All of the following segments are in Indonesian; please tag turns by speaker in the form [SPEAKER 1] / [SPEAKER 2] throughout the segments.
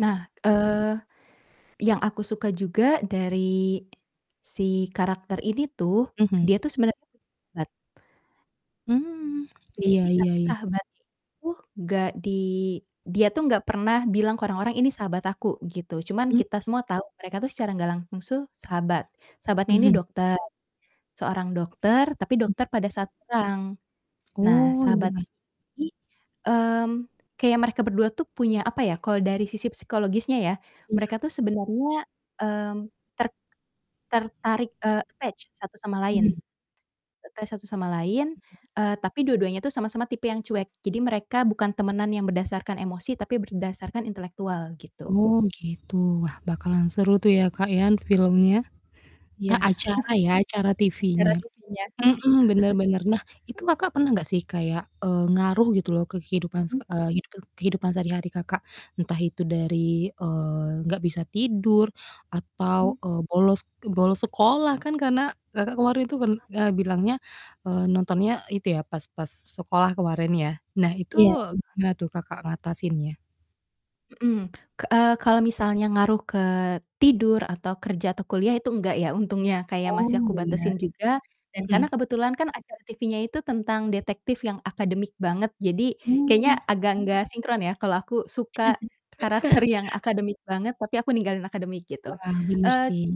[SPEAKER 1] Nah, eee, yang aku suka juga dari, si karakter ini tuh,
[SPEAKER 2] Mhm.
[SPEAKER 1] dia tuh sebenarnya [unintelligible]
[SPEAKER 2] Mmm,
[SPEAKER 1] Jadi,
[SPEAKER 2] iya iya
[SPEAKER 1] tapi
[SPEAKER 2] i
[SPEAKER 1] sahabatnya ini tuh nggak di dia tuh nggak pernah bilang ke orang-orang ini sahabat aku, gitu. Cuman
[SPEAKER 2] Mmm.
[SPEAKER 1] kita semua tau mereka tuh secara nggak langsung suh sahabat. Sahabatnya ini
[SPEAKER 2] Mhm.
[SPEAKER 1] dokter seorang dokter tapi dokter pada saat pulang. Nah
[SPEAKER 2] Oh,
[SPEAKER 1] sahabat
[SPEAKER 2] iya.
[SPEAKER 1] ini, mmm, kayak mereka berdua tuh punya apa ya kalau dari sisi psikologisnya, ya.
[SPEAKER 2] Iya.
[SPEAKER 1] Mereka tuh sebenernya, mmm, ter tertarik, eee, attach satu sama lain
[SPEAKER 2] Mhm.
[SPEAKER 1] attach satu sama lain.
[SPEAKER 2] Mhm.
[SPEAKER 1] Eee, tapi dua-duanya itu sama-sama tipe yang cuek. Jadi mereka bukan temenan yang berdasarkan emosi tapi berdasarkan intelektual, gitu.
[SPEAKER 2] Oh gitu, wah bakalan seru tuh ya, Kak, ya, filmnya. E
[SPEAKER 1] Iya.
[SPEAKER 2] acara ya, acara
[SPEAKER 1] Acara
[SPEAKER 2] TV-nya.
[SPEAKER 1] TV-nya.
[SPEAKER 2] Mhm, bener bener. Nah itu Kakak pernah nggak sih kayak, eee, ngaruh gitu loh ke kehidupan
[SPEAKER 1] Mhm.
[SPEAKER 2] seke eee, hidupan kehidupan sehari-hari Kakak. Entah itu dari, eee, nggak bisa tidur
[SPEAKER 1] Hmm.
[SPEAKER 2] atau, eee, bolos bolos sekolah, kan, karena Kakak kemarin itu pern eee, bilangnya, eee, nontonnya itu ya pas pas sekolah kemarin, ya. Nah, itu
[SPEAKER 1] Iya.
[SPEAKER 2] gimana tuh Kakak ngatasinnya?
[SPEAKER 1] Hmm, ke eee, kalo misalnya ngaruh ke tidur, atau kerja, atau kuliah itu nggak, ya. Untungnya kayak
[SPEAKER 2] Oh,
[SPEAKER 1] masih aku
[SPEAKER 2] bener,
[SPEAKER 1] batesin juga dan
[SPEAKER 2] hmm.
[SPEAKER 1] karena kebetulan acara TV-nya itu tentang detektif yang akademik banget jadi
[SPEAKER 2] Mmm.
[SPEAKER 1] kayaknya agak nggak sinkron, ya, kalau aku suka karakter yang akademik banget, tapi aku ninggalin akademik, gitu.
[SPEAKER 2] Wah, bener
[SPEAKER 1] Eee,
[SPEAKER 2] sih.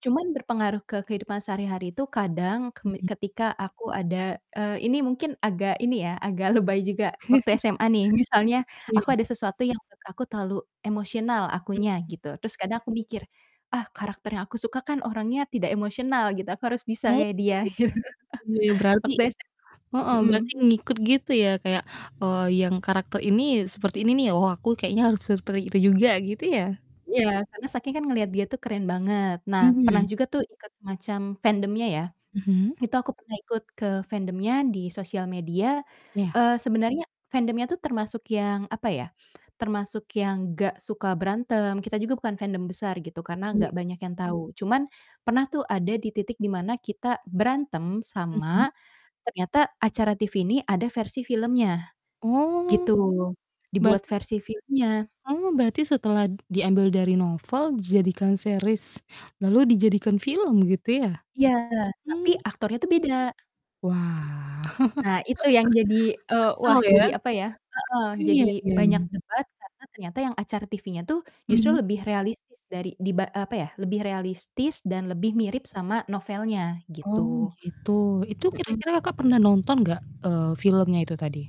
[SPEAKER 1] cuman berpengaruh ke kehidupan sehari-hari itu kadang kemi
[SPEAKER 2] Mhm.
[SPEAKER 1] ketika aku ada eee, ini mungkin agak ini ya agak lebay juga. Waktu SMA nih, misalnya aku
[SPEAKER 2] Iya.
[SPEAKER 1] ada sesuatu yang menurut aku terlalu emosional akunya,
[SPEAKER 2] Hmm.
[SPEAKER 1] gitu. Terus kadang aku mikir, "Ah karakter yang aku suka kan orangnya tidak emosional," gitu, "aku harus bisa
[SPEAKER 2] Oh,
[SPEAKER 1] kayak dia." gitu.
[SPEAKER 2] iya berarti
[SPEAKER 1] Waktu SM
[SPEAKER 2] heeh,
[SPEAKER 1] mhm.
[SPEAKER 2] berarti ngikut gitu ya kayak, eee, "Yang karakter ini seperti ini nih, oh, aku kayaknya harus seperti itu juga." gitu, ya?
[SPEAKER 1] Iya, karena saking kan ngeliat dia tuh keren banget. Nah, pernah
[SPEAKER 2] Mhm.
[SPEAKER 1] juga tuh ikut semacam fandomnya, ya.
[SPEAKER 2] Mhm.
[SPEAKER 1] Itu aku pernah ikut ke fandomnya di sosial media,
[SPEAKER 2] Iya.
[SPEAKER 1] eee, sebenernya fandomnya tuh termasuk yang, apa ya, termasuk yang nggak suka berantem, kita juga bukan fandom besar gitu, karena gak
[SPEAKER 2] Ya.
[SPEAKER 1] banyak yang tau. Cuman pernah tuh ada di titik di mana kita berantem sama
[SPEAKER 2] Mhm.
[SPEAKER 1] ternyata acara TV ini ada versi filmnya, gitu.
[SPEAKER 2] Oh.
[SPEAKER 1] Dibuat
[SPEAKER 2] Berarti
[SPEAKER 1] versi filmnya.
[SPEAKER 2] Oh, berarti setelah diambil dari novel jadikan series lalu dijadikan film gitu, ya?
[SPEAKER 1] Iya, tapi
[SPEAKER 2] Mmm.
[SPEAKER 1] aktornya tuh, beda.
[SPEAKER 2] Wah.
[SPEAKER 1] Nah, itu yang jadi, eee, wah,
[SPEAKER 2] Kesel, ya.
[SPEAKER 1] jadi apa ya heeh. Jadi
[SPEAKER 2] Iya,
[SPEAKER 1] banyak
[SPEAKER 2] yang
[SPEAKER 1] debat karena ternyata yang acara TV-nya tuh justru
[SPEAKER 2] Mmm.
[SPEAKER 1] lebih realistis dari diba eee, apa ya lebih realistis dan lebih mirip sama novelnya gitu.
[SPEAKER 2] Oh, gitu. Itu
[SPEAKER 1] Mhm.
[SPEAKER 2] kira-kira Kakak pernah nonton nggak, eee, filmnya itu tadi?